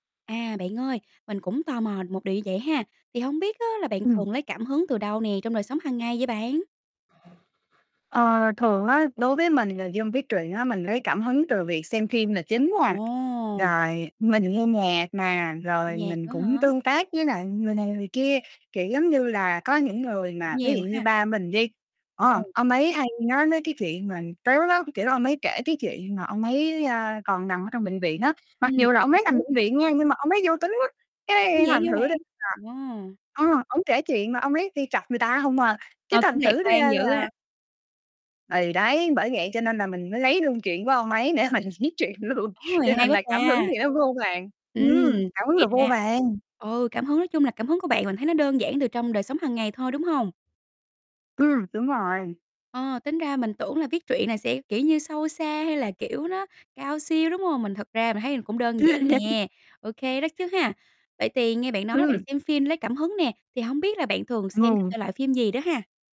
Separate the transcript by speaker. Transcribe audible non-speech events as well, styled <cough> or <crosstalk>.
Speaker 1: À, bạn ơi, mình cũng tò mò một điều như vậy ha, thì hông biết á là bạn
Speaker 2: Ừm.
Speaker 1: thường lấy cảm hứng từ đâu nè trong đời sống hằng ngày vậy bạn?
Speaker 2: Ờ, thường á, đối với mình là dân viết truyện á mình lấy cảm hứng từ việc xem phim là chính quá à,
Speaker 1: Wow!
Speaker 2: rồi mình nghe nhạc nà, rồi
Speaker 1: Nhạc
Speaker 2: mình
Speaker 1: nữa
Speaker 2: cũng
Speaker 1: hả?
Speaker 2: tương tác với lại người này người kia. Kiểu giống như là có những người mà ví
Speaker 1: Nhiều
Speaker 2: dụ
Speaker 1: ha.
Speaker 2: như ba mình đi, ờ,
Speaker 1: Ồ.
Speaker 2: ông ấy hay nói mấy cái chuyện mà tếu lắm, kiểu, ông ấy kể cái chuyện mà ông ấy, a, còn nằm ở trong bệnh viện á, mặc
Speaker 1: Ừm,
Speaker 2: dù
Speaker 1: cổ
Speaker 2: là ông
Speaker 1: bị
Speaker 2: ấy nằm
Speaker 1: ngứa.
Speaker 2: bệnh viện nha nhưng mà ông ấy vui tính quá,
Speaker 1: Ủa,
Speaker 2: cái
Speaker 1: vậy
Speaker 2: thành
Speaker 1: hả
Speaker 2: thử ra
Speaker 1: bạn?
Speaker 2: là,
Speaker 1: Wow.
Speaker 2: ừm, ổng kể chuyện mà ông ấy đi chọc người ta hông à, cái
Speaker 1: Ờ, cũng
Speaker 2: thành
Speaker 1: lạc
Speaker 2: thử
Speaker 1: quan
Speaker 2: ra
Speaker 1: dữ
Speaker 2: là
Speaker 1: á.
Speaker 2: Thì đấy, bởi vậy cho nên là mình mới lấy luôn chuyện của ông ấy để mình viết chuyện luôn
Speaker 1: Ồ! Này
Speaker 2: cho
Speaker 1: hay
Speaker 2: nên
Speaker 1: quá
Speaker 2: là cảm hứng
Speaker 1: ta.
Speaker 2: thì nó vô vàn,
Speaker 1: Ừm,
Speaker 2: ừm, cảm hứng
Speaker 1: vậy
Speaker 2: là vô
Speaker 1: ra
Speaker 2: vàn.
Speaker 1: ừ, cảm hứng nói chung là cảm hứng của bạn mình thấy nó đơn giản từ trong đời sống hàng ngày thôi, đúng hông?
Speaker 2: Ừm, đúng rồi.
Speaker 1: Ờ, tính ra mình tưởng là viết truyện là sẽ, kiểu như, sâu xa hay là, kiểu, nó cao siêu, đúng hông? Mình thật ra mình thấy cũng đơn giản nè, ô kê đó
Speaker 2: <laughs>
Speaker 1: chứ ha. Vậy thì nghe bạn nói là bạn
Speaker 2: Ừm.
Speaker 1: xem phim lấy cảm hứng nè, thì hông biết là bạn thường xem các
Speaker 2: <unintelligible>
Speaker 1: thể loại phim gì đó ha?